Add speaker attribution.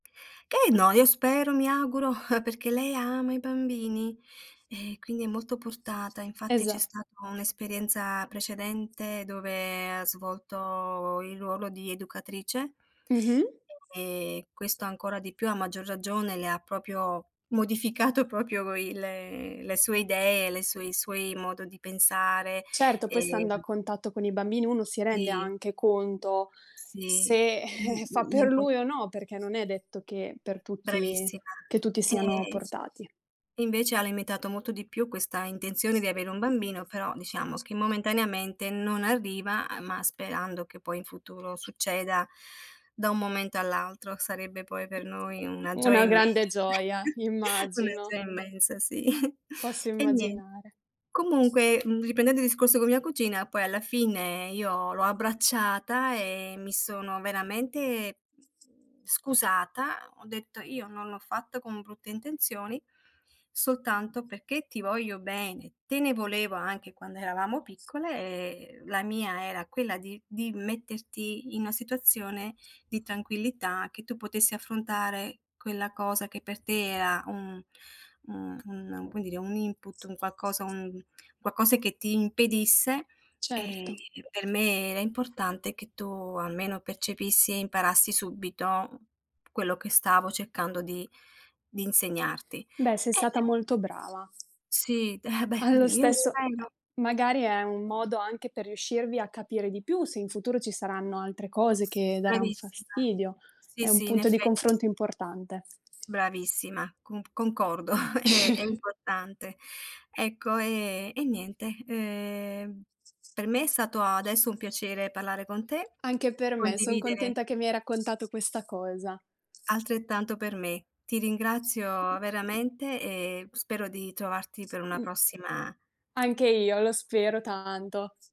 Speaker 1: Eh, no, io spero, mi auguro, perché lei ama i bambini eh, quindi è molto portata. Infatti c'è
Speaker 2: Esa
Speaker 1: stata un'esperienza precedente dove ha svolto il ruolo di educatrice
Speaker 2: Mh-mh.
Speaker 1: e questo ancora di più, a maggior ragione, le ha proprio modificato proprio il le sue idee, le sue i suoi modo di pensare,
Speaker 2: Certo, poi stando a
Speaker 1: ehm
Speaker 2: contatto con i bambini, uno si rende
Speaker 1: Sì.
Speaker 2: anche conto
Speaker 1: Sì,
Speaker 2: se,
Speaker 1: l
Speaker 2: eh, fa per
Speaker 1: l'impor
Speaker 2: lui o no, perché non è detto che per tutti
Speaker 1: Bravissima.
Speaker 2: che tutti siano
Speaker 1: E
Speaker 2: portati.
Speaker 1: e, invece, ha limitato molto di più questa intenzione di avere un bambino, però, diciamo che, momentaneamente, non arriva a ma sperando che, poi, in futuro, succeda da un momento all'altro. Sarebbe, poi, per noi una gioia
Speaker 2: Una grande
Speaker 1: immensa,
Speaker 2: gioia,
Speaker 1: una
Speaker 2: immagino.
Speaker 1: gioia immensa, sì.
Speaker 2: Posso
Speaker 1: E nien
Speaker 2: immaginare.
Speaker 1: comunque, uhm, riprendendo il discorso con mia cugina, poi, alla fine, io l'ho abbracciata e mi sono veramente, mhmm, scusata. Ho detto: “Io non l'ho fatto con brutte intenzioni, soltanto perché ti voglio bene, te ne volevo anche quando eravamo piccole e, uhm, la mia era quella di di metterti in una situazione di tranquillità, che tu potessi affrontare quella cosa che per te era un, uhm, un, come dire, un input, un qualcosa un qualcosa che ti impedisse, ehm,
Speaker 2: Certo.
Speaker 1: per me era importante che tu almeno percepissi e imparassi subito quello che stavo cercando di di insegnarti"
Speaker 2: Beh, sei
Speaker 1: e
Speaker 2: stata
Speaker 1: [unintelligible]
Speaker 2: molto brava.
Speaker 1: Sì, eh, beh,
Speaker 2: Allo
Speaker 1: io lo
Speaker 2: stesso ehm,
Speaker 1: spero.
Speaker 2: magari è un modo anche per riuscirvi a capire di più, se in futuro ci saranno altre cose che daran
Speaker 1: Bravissima.
Speaker 2: fastidio,
Speaker 1: Sì,
Speaker 2: è un
Speaker 1: sì, in
Speaker 2: punto di
Speaker 1: effett
Speaker 2: confronto importante.
Speaker 1: Bravissima, conc concordo è è importante. Ecco, ehm, e niente, ehm, per me è stato adesso un piacere parlare con te,
Speaker 2: Anche per me, son
Speaker 1: condividere
Speaker 2: contenta che mi hai raccontato questa cosa.
Speaker 1: Altrettanto per me. Ti ringrazio veramente, e spero di trovarti per una
Speaker 2: Mh.
Speaker 1: prossima
Speaker 2: Anche io, lo spero tanto.